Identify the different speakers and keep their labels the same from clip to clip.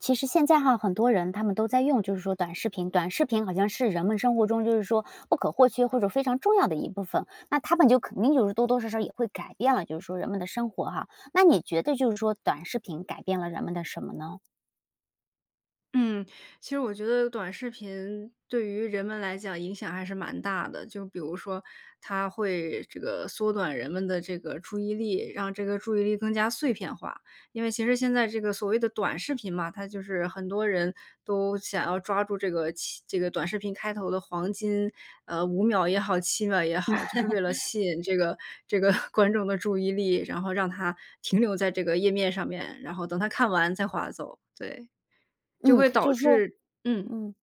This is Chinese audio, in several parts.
Speaker 1: 其实现在哈，很多人他们都在用就是说短视频，短视频好像是人们生活中就是说不可或缺或者非常重要的一部分。那它们就肯定就是多多少少也会改变了就是说人们的生活哈，那你觉得就是说短视频改变了人们的什么呢？
Speaker 2: 嗯，其实我觉得短视频对于人们来讲影响还是蛮大的。就比如说它会这个缩短人们的这个注意力，让这个注意力更加碎片化。因为其实现在这个所谓的短视频嘛，它就是很多人都想要抓住这个其这个短视频开头的黄金，呃，5秒也好，7秒也好，就是为了 吸引这个这个 观众的注意力。然后让它停留在这个页面上面，然后等它看完再划走。对，就
Speaker 1: 嗯，
Speaker 2: 会
Speaker 1: 就
Speaker 2: 导
Speaker 1: 是说
Speaker 2: 致嗯。
Speaker 1: 嗯，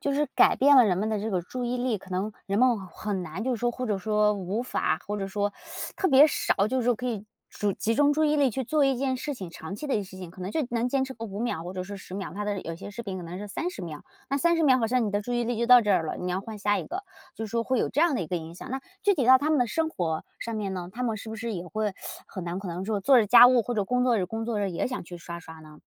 Speaker 1: 就是改变了人们的这个注意力。可能人们很难就是说或者说无法或者说 特别少就是说可以注集中注意力去做一件事情，长期的一些事情可能就能坚持个5秒或者是10秒，它的有些视频可能是30秒。那30秒好像你的注意力就到这儿了，你要换下一个，就是说会有这样的一个影响。那具体到他们的生活上面呢，他们是不是也会 很难可能说做着家务或者工作着工作着也想去刷刷呢？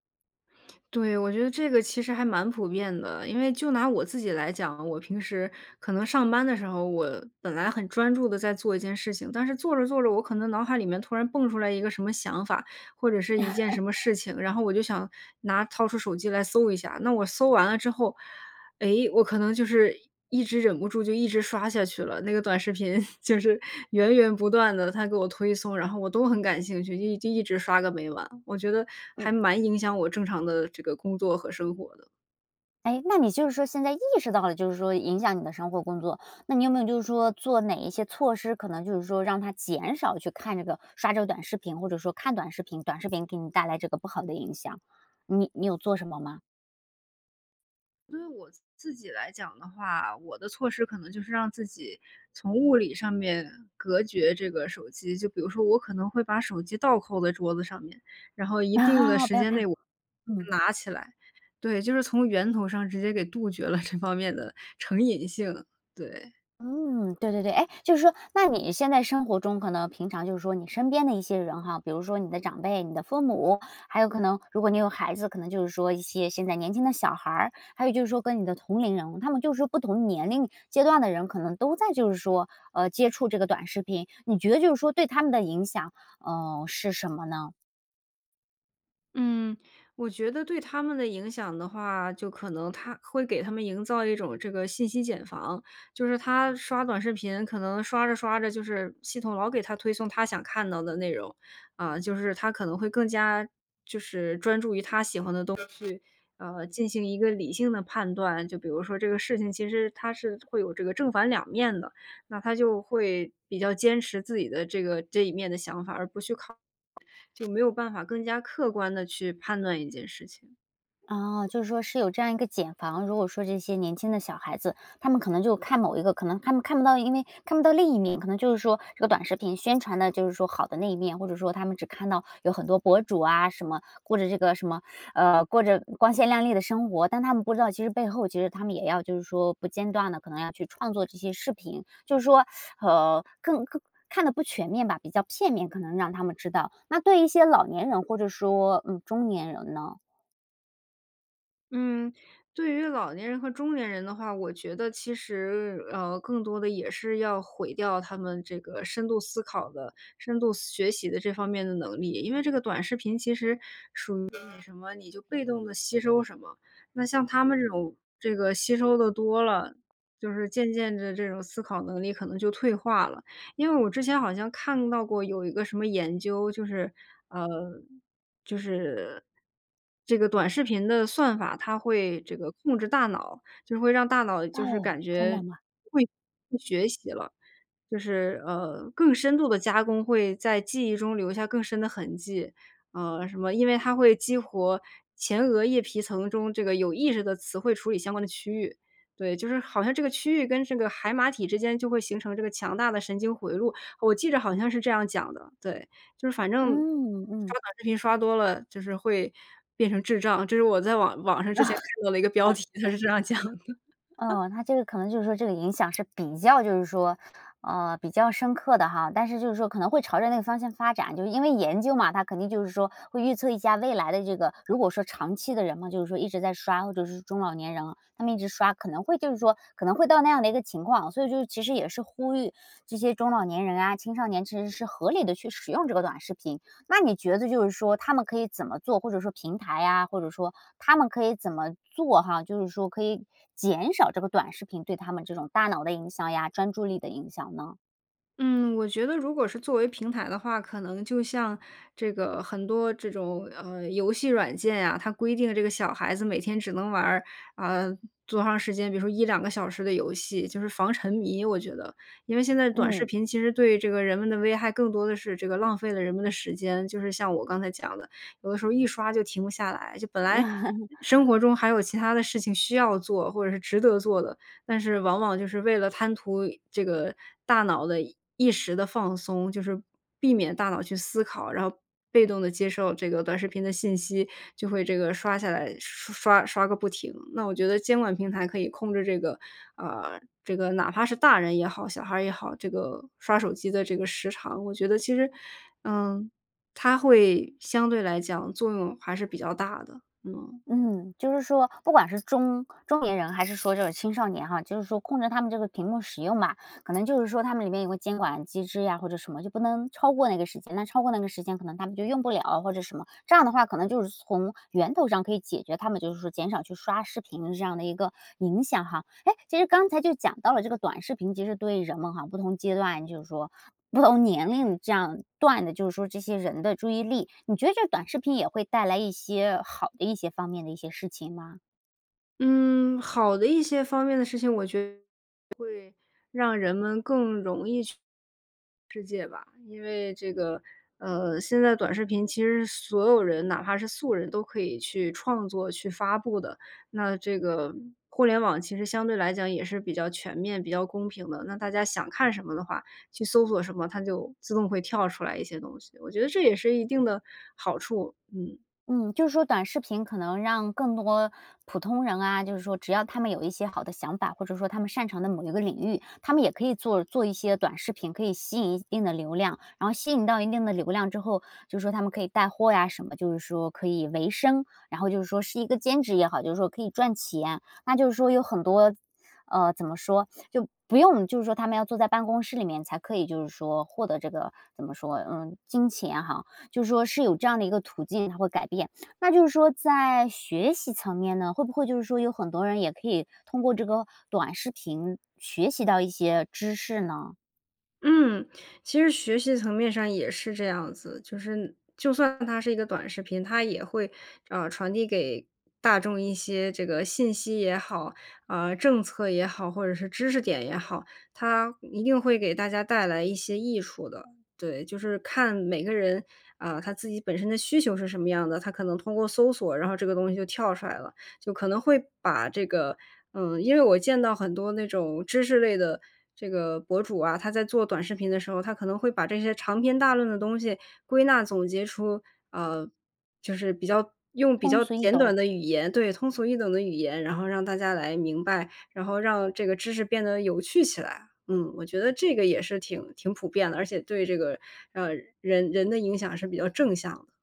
Speaker 2: 对，我觉得这个其实还蛮普遍的，因为就拿我自己来讲，我平时可能上班的时候，我本来很专注地在做一件事情，但是做着做着，我可能脑海里面突然蹦出来一个什么想法，或者是一件什么 事情，然后我就想拿掏出手机来搜一下。那我搜完了之后，诶，我可能就是一一直忍不住就一直刷下去了，那个短视频 就是源源不断地，它给我推送，然后我都很感兴趣，就一就一直刷个没完。我觉得
Speaker 1: 嗯。
Speaker 2: 还蛮影响我正常的这个工作和生活的。
Speaker 1: 哎，那你就是说现在意识到了就是说影响你的生活工作，那你有没有就是说做哪一些措施，可能就是说让它减少去看这个刷这个短视频，或者说看短视频短视频给你带来这个不好的影响，你你有做什么吗？
Speaker 2: 对于我自自己来讲的话，我的措施可能就是让自己从物理上面隔绝这个手机。就比如说我可能会把手机倒扣在桌子上面，然后一定的
Speaker 1: 啊，
Speaker 2: 时
Speaker 1: 不要
Speaker 2: 间内
Speaker 1: 看，
Speaker 2: 我
Speaker 1: 嗯。
Speaker 2: 拿起来，对，就是从源头上直接给杜绝了这方面的成瘾性，对。
Speaker 1: 嗯，对对-对。哎，就是说，那你现在生活中可能平常就是说你身边的一些人哈，比如说你的长辈、你的父母，还有可能如果你有孩子，可能就是说一些现在年轻的小孩儿，还有就是说跟你的同龄人，他们就是说不同年龄阶段的人，可能都在就是说，呃，接触这个短视频。你觉得就是说对他们的影响，呃，是什么呢？
Speaker 2: 嗯，我觉得对他们的影响的话，就可能它会给他们营造一种这个信息茧房。就是他刷短视频可能刷着刷着就是系统老给他推送他想看到的内容，啊，就是他可能会更加就是专注于他喜欢的东西，呃，进行一个理性的判断。就比如说这个事情，其实它是会有这个正反两面的。那他就会比较坚持自己的这个这一面的想法，而不去考就没有办法更加客观地去判断一件事情。
Speaker 1: 哦，就是说是有这样一个茧房。如果说这些年轻的小孩子，他们可能就看某一个可能他们看不到因为看不到另一面。可能就是说这个短视频宣传的就是说好的那一面，或者说他们只看到有很多博主啊什么，过着这个什么，呃，过着光鲜亮丽的生活。但他们不知道其实背后其实他们也要就是说不间断地可能要去创作这些视频，就是说，呃，更更看得不全面吧，比较片面，可能让他们知道。那对一些老年人或者说，嗯，中年人呢？
Speaker 2: 嗯，对于老年人和中年人的话，我觉得其实，呃，更多地也是要毁掉他们这个深度思考的、深度思学习的这方面的能力。因为这个短视频其实属于你什么你就被动地吸收什么。那像他们这种这个吸收得多了，就是渐渐地这种思考能力可能就退化了。因为我之前好像看到过有一个什么研究，就是，呃，就是，这个短视频的算法它会这个控制大脑，就会让大脑就是
Speaker 1: 哦，
Speaker 2: 感
Speaker 1: 真
Speaker 2: 觉
Speaker 1: 的吗？
Speaker 2: 会会学习了。就是，呃，更深度地加工会在记忆中留下更深的痕迹，呃，什么因为它会激活前额叶皮层中这个有意识的词汇处理相关的区域，对。就是好像这个区域跟这个海马体之间就会形成这个强大的神经回路，我记着好像是这样讲的，对。就是反正刷
Speaker 1: 嗯，嗯。
Speaker 2: 短视频刷多了，就是会变成智障，这是我在网网上之前看到的一个标题，它是这样讲的。
Speaker 1: 呃，它这个可能就是说这个影响是比较就是说，呃，比较深刻的哈。但是就是说可能会朝着那个方向发展，就因为研究嘛，它肯定就是说会预测一下未来的这个如果说长期的人们就是说一直在刷，或者是中老年人他们一直刷，可能会就是说可能会到那样的一个情况哦。所以就其实也是呼吁这些中老年人啊、青少年其实是合理地去使用这个短视频。那你觉得就是说他们可以怎么做，或者说平台呀，或者说他们可以怎么做哈，就是说可以减少这个短视频对他们这种大脑的影响呀、专注力的影响呢？
Speaker 2: 嗯，我觉得如果是作为平台的话，可能就像这个很多这种，呃，游戏软件呀，它规定这个小孩子每天只能玩儿，啊，多长时间，比如说1-2个小时的游戏，就是防沉迷，我觉得。因为现在短视
Speaker 1: 嗯。
Speaker 2: 频其实对这个人们的危害，更多的是这个浪费了人们的时间，就是像我刚才讲的。有的时候一刷就停不下来，就本来 生活中还有其他的事情需要做，或者是值得做的，但是往往就是为了贪图这个大脑的一一时的放松，就是避免大脑去思考，然后被动地接受这个短视频的信息，就会这个刷下来刷刷刷个不停。那我觉得监管平台可以控制这个，啊，这个哪怕是大人也好，小孩儿也好，这个刷手机的这个时长。我觉得其实，嗯，它会相对来讲作用还是比较大的，嗯。
Speaker 1: 嗯，就是说不管是中中年人还是说这个青少年哈，就是说控制他们这个屏幕使用吧。可能就是说他们里面有个监管机制呀或者什么，就不能超过那个时间。那超过那个时间可能他们就用不了或者什么，这样的话可能就是从源头上可以解决他们，就是说减少去刷视频的这样的一个影响哈。诶，其实刚才就讲到了这个短视频，其实对人们哈，不同阶段，就是说不同年龄这样段的，就是说这些人的注意力，你觉得这短视频也会带来一些好的一些方面的一些事情吗？
Speaker 2: 嗯，好的一些方面的事情，我觉会让人们更容易去世界吧，因为这个，呃，现在短视频，其实所有人，哪怕是素人都可以去创作、去发布的，那这个互联网其实相对来讲也是比较全面、比较公平的。那大家想看什么的话，去搜索什么，它就自动会跳出来一些东西，我觉得这也是一定的好处，嗯。
Speaker 1: 嗯，就是说短视频可能让更多普通人啊，就是说只要他们有一些好的想法，或者说他们擅长的某一个领域，他们也可以做做一些短视频，可以吸引一一定的流量，然后吸引到一定的流量之后，就是说他们可以带货呀什么，就是说可以维生，然后就是说是一个兼职也好，就是说可以赚钱。那就是说有很多呃，怎么说？就不用就是说他们要坐在办公室里面才可以，就是说获得这个，怎么说？嗯，金钱哈，就是说是有这样的一个途径，它会改变。那就是说在学习层面呢？会不会就是说有很多人也可以通过这个短视频学习到一些知识呢？
Speaker 2: 嗯，其实学习层面上也是这样子。就是就算它是一个短视频，它也会，呃，传递给大众一些这个信息也好，啊，政策也好，或者是知识点也好。它一定会给大家带来一些益处的，对，就是看每个人，啊，他自己本身的需求是什么样的，他可能通过搜索，然后这个东西就跳出来了。就可能会把这个嗯，因为我见到很多那种知识类的这个博主啊，他在做短视频的时候，他可能会把这些长篇大论的东西归纳、总结出，呃，就是比较用比
Speaker 1: 通
Speaker 2: 较
Speaker 1: 俗易
Speaker 2: 简
Speaker 1: 懂。
Speaker 2: 短的语言对，通俗易懂的语言，然后让大家来明白，然后让这个知识变得有趣起来。嗯，我觉得这个也是挺挺普遍的，而且对这个，呃，人人的影响是比较正向的。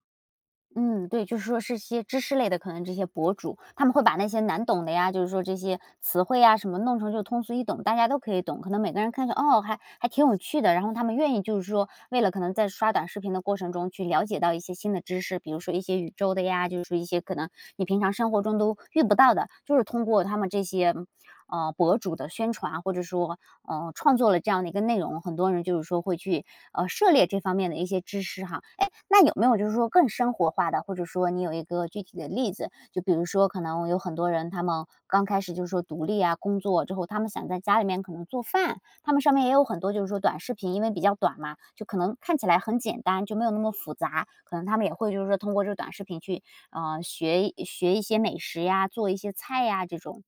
Speaker 1: 嗯，对，就是说是些知识类的，可能这些博主，他们会把那些难懂的呀，就是说这些词汇呀什么弄成就通俗易懂，大家都可以懂。可能每个人看着，哦，还还挺有趣的，然后他们愿意就是说，为了可能在刷短视频的过程中去了解到一些新的知识，比如说一些宇宙的呀，就是说一些可能你平常生活中都遇不到的。就是通过他们这些，嗯，啊，博主的宣传，或者说，呃，创作了这样的一个内容，很多人就是说会去，呃，涉猎这方面的一些知识哈。诶，那有没有就是说更生活化的，或者说你有一个具体的例子，就比如说可能有很多人，他们刚开始就是说独立呀、工作之后，他们想在家里面可能做饭，他们上面也有很多就是说短视频，因为比较短嘛，就可能看起来很简单，就没有那么复杂，可能他们也会就是说通过这短视频去，嗯，学一学一些美食呀、做一些菜呀这种？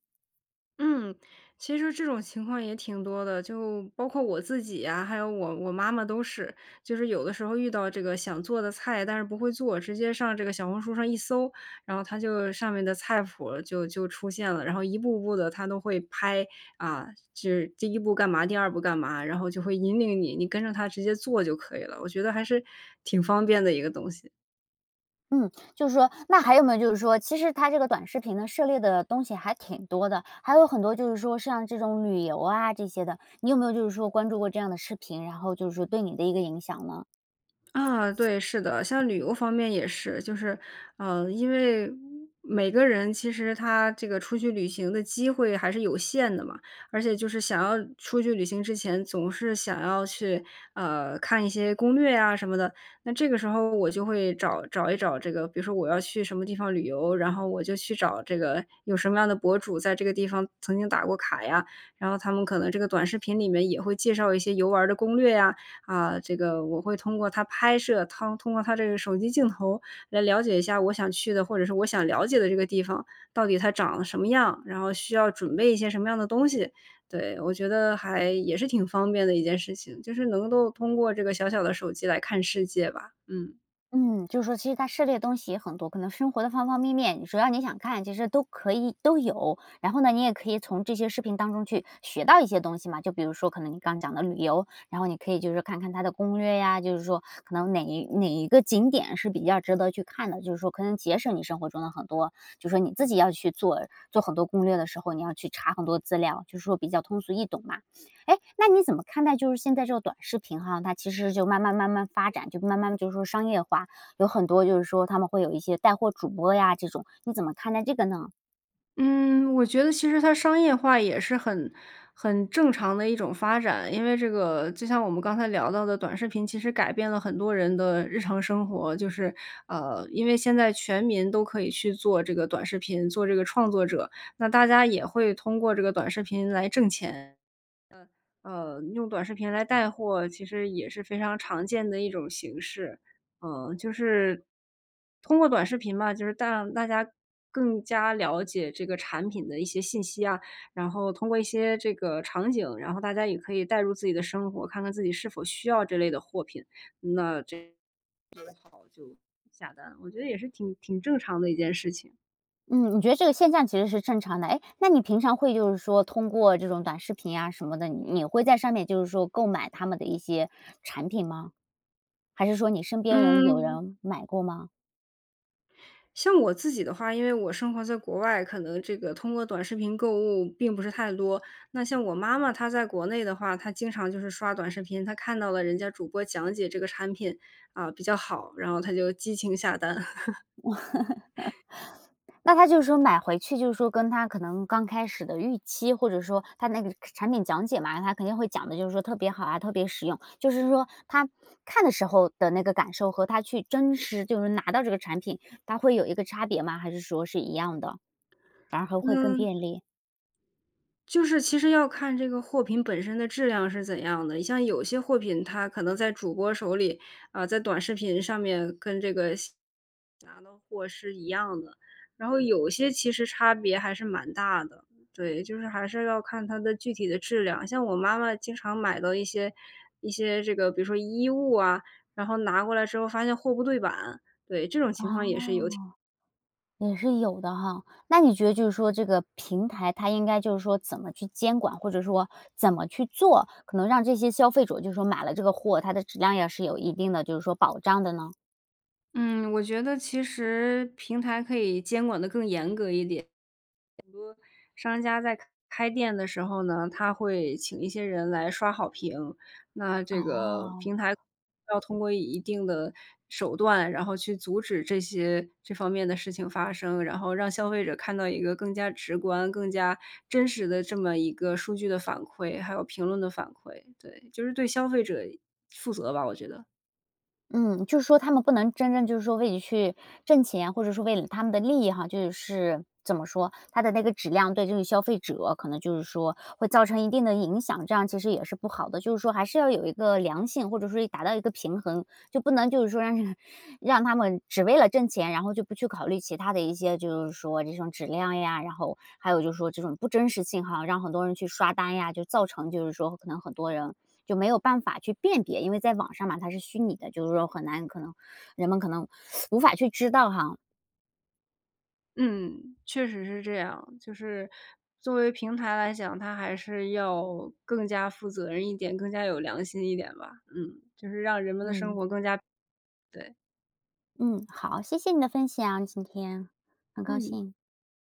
Speaker 2: 嗯，其实说这种情况也挺多的，就包括我自己呀，还有我我妈妈都是。就是有的时候遇到这个想做的菜，但是不会做，直接上这个小红书上一搜，然后它就上面的菜谱，就就出现了。然后一步步地它都会拍，啊，就是第1步干嘛、第2步干嘛，然后就会引领你，你跟着它直接做就可以了。我觉得还是挺方便的一个东西。
Speaker 1: 嗯，就是说那还有没有就是说，其实它这个短视频呢，涉猎的东西还挺多的。还有很多，就是说像这种旅游啊，这些的。你有没有就是说关注过这样的视频，然后，就是说对你的一个影响呢？
Speaker 2: 啊，对，是的，像旅游方面也是。就是，啊，因为每个人，其实他这个出去旅行的机会还是有限的嘛，而且就是想要出去旅行之前总是想要去，啊，看一些攻略呀什么的。那这个时候我就会找找一找这个，比如说我要去什么地方旅游，然后我就去找这个有什么样的博主，在这个地方曾经打过卡呀，然后他们可能这个短视频里面也会介绍一些游玩儿的攻略呀。啊，这个我会通过他拍摄他通过他这个手机镜头来了解一下我想去的，或者是我想了解的这个地方，到底它长得什么样，然后需要准备一些什么样的东西。对，我觉得还也是挺方便的一件事情，就是能够通过这个小小的手机来看世界吧，嗯。
Speaker 1: 嗯，就是说其实它涉猎的东西也很多，可能生活的方方面面，只要你想看，其实都可以都有。然后呢你也可以从这些视频当中去学到一些东西嘛，就比如说可能你刚讲的旅游，然后你可以就是看看它的攻略呀，就是说可能哪一哪一个景点是比较值得去看的，就是说可能节省你生活中的很多就是说你自己要去做做很多攻略的时候，你要去查很多资料，就是说比较通俗易懂嘛。诶，那你怎么看待就现在这个短视频哈，它其实就慢慢慢慢发展，就慢慢就是说商业化，有很多就是说它们会有一些带货主播呀这种，你怎么看待这个呢？
Speaker 2: 嗯，我觉得其实它商业化也是很很正常的一种发展。因为这个就像我们刚才聊到的短视频，其实改变了很多人的日常生活。就是，呃，因为现在全民都可以去做这个短视频，做这个创作者。那大家也会通过这个短视频来挣钱，嗯，呃，用短视频来带货其实也是非常常见的一种形式。呃，就是，通过短视频嘛，就是让大家更加了解这个产品的一些信息啊，然后通过一些这个场景，然后大家也可以代入自己的生活，看看自己是否需要这类的货品。那这就好就下单，我觉得也是挺挺正常的一件事情。
Speaker 1: 嗯，你觉得这个现象其实是正常的。诶，那你平常会就是说通过这种短视频呀什么的，你会在上面就是说购买他们的一些产品吗？还是说你身边人有
Speaker 2: 嗯。
Speaker 1: 人买过吗？
Speaker 2: 像我自己的话，因为我生活在国外，可能这个通过短视频购物并不是太多。那像我妈妈她在国内的话，她经常就是刷短视频，她看到了人家主播讲解这个产品，啊，比较好，然后她就激情下单。
Speaker 1: 那她就是说买回去就是说跟她可能刚开始的预期，或者说它那个产品讲解嘛，他肯定会讲得就是说特别好啊、特别实用。就是说她看的时候的那个感受和她去真实，就是拿到这个产品，它会有一个差别吗？还是说是一样的，反而还会更
Speaker 2: 嗯。
Speaker 1: 便利？
Speaker 2: 就是其实要看这个货品本身的质量是怎样的，你像有些货品它可能在主播手里，啊，在短视频上面，跟这个下拿到货是一样的。然后有些其实差别还是蛮大的，对，就是还是要看它的具体的质量。像我妈妈经常买的一些一些这个，比如说衣物啊，然后拿过来之后发现货不对板。对，这种
Speaker 1: 哦，
Speaker 2: 情况也是有挺
Speaker 1: 也是有的哈。那你觉得就是说这个平台它应该就是说怎么去监管？或者说怎么去做，可能让这些消费者就是说买了这个货，它的质量也是有一定的就是说保障的呢？
Speaker 2: 嗯，我觉得其实平台可以监管得更严格一点。很多商家在开开店的时候呢，他会请一些人来刷好评，那这个
Speaker 1: 哦。
Speaker 2: 平台要通过一定的手段，然后去阻止这些这方面的事情发生，然后让消费者看到一个更加直观、更加真实的这么一个数据的反馈、还有评论的反馈，对，就是对消费者负责吧，我觉得。
Speaker 1: 嗯，就是说他们不能真正就是说为了去挣钱，或者是为了他们的利益哈，就是，怎么说，它的那个质量对这个消费者可能就是说会造成一定的影响。这样其实也是不好的，就是说还是要有一个良性，或者说一达到一个平衡，就不能，就是说让让让他们只为了挣钱，然后就不去考虑其它的一些就是说这种质量呀，然后，还有就是说这种不真实性哈，让很多人去刷单呀，就造成就是说可能很多人就没有办法去辨别。因为在网上嘛，它是虚拟的，就是说很难可能人们可能 无法去知道哈。
Speaker 2: 嗯，确实是这样。就是作为平台来讲，它还是要更加负责任一点、更加有良心一点吧，嗯，就是让人们的生
Speaker 1: 嗯。
Speaker 2: 活更加对。
Speaker 1: 嗯，好，谢谢你的分享，今天。很高
Speaker 2: 嗯。
Speaker 1: 兴。